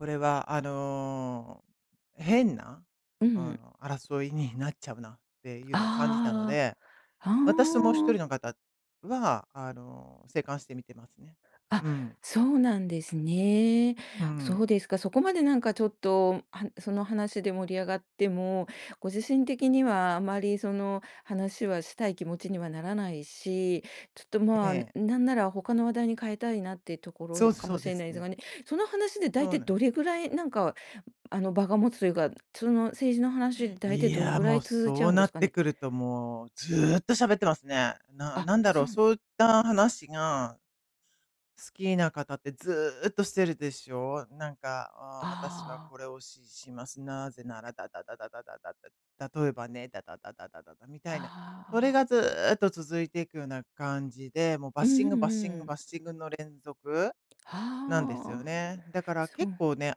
これはあの、変な、うあん。の、争いになっちゃうなっていうのを感じたのああで。ああああ。は私ともうひとーん。りの方はあの、静観して見てますね。あ、うん。そうなんですね。うそん。うですか。そこまでなんか、ちょっと、はその話で盛り上がっても、ご自身的にはあまり、その話はしたい気持ちにはならないし、ちょっと、えまあ、え。なんなら、他の話題に変えたいなっていうとこそうろすかそもうしでれすないですね。がね。その話で、だいそたういなん。どれぐらい、なんか、あの、場が持つというか、その政治の話で、だいたいいどれや、ぐらもいう、続いちゃそううんでなすっかてね。くるともう、ずっと喋ってますね。なあ、なんだろそう、んそういった話が好きな方って、ずっとしてるでしょう？なんか、ああ、「私はああ。これを支持します。なぜなら、ダダダダダダダダ」。「例えばね、ダダダダダダダ」みたああいな。あそああれあ。がずっと続いていくような感じで、もうバッうシんンうんグバッシンうグん。バッシングの連続はなんですよあ、ああ。ね。だからそ結う。構ね、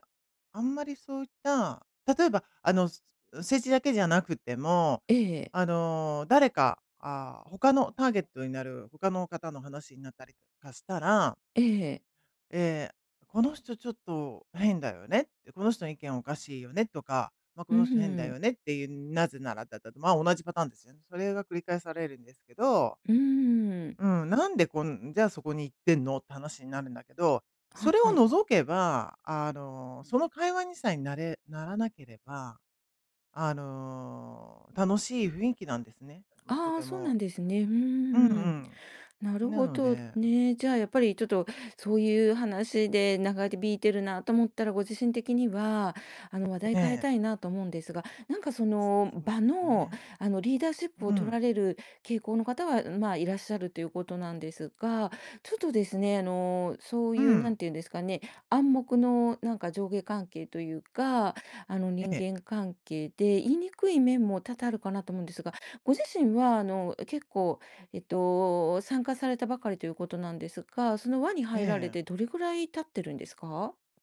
あんまりそういった、例えば、あの、す政治だけじゃなくても、ええ。あの、誰かああ、他のターゲットになる、他の方の話になったりとかしたらええ。ええ、「この人ちょっと変だよね」って。「この人の意見おかしいよね」とか、ま、「こふのふ人変だん。よね」っていう。「なぜなら、ダダダ」と。ま、同じパターンですよね。それが繰り返されるんですけど。うーん。うん、なんでこんじゃあ、そこに行ってんの、って話になるんだけど。そは、れをはい。除けば、あの、その会話にさえなれならなければ、あの、楽しい雰囲気なんですね。うん、とああ、てそうもなんですね。ふんふんうんうふんふん。なるん。なほのどでね。じゃあ、やっぱり、ちょっと、そういう話で長引いてるなと思ったら、ご自身的には、あの、話題え変ええ。たいなと思うんですが。なんか、そのそう場ですの、ね。あの、リーダーシップをう取ん。られる傾向の方は、うまあ、いらっしゃるということなんですが。ちょっとですね、あの、そうういうなんん。て言うんですかね暗黙のなんか、上下関係というか、あの、人ええ。間関係で、言いにくい面も多々あるかなと思うんですが。ご自身は、あの、結構えっと、参加されたばかりということなんですが。その輪にえ入られえ。て、どれぐらい経ってるんですか？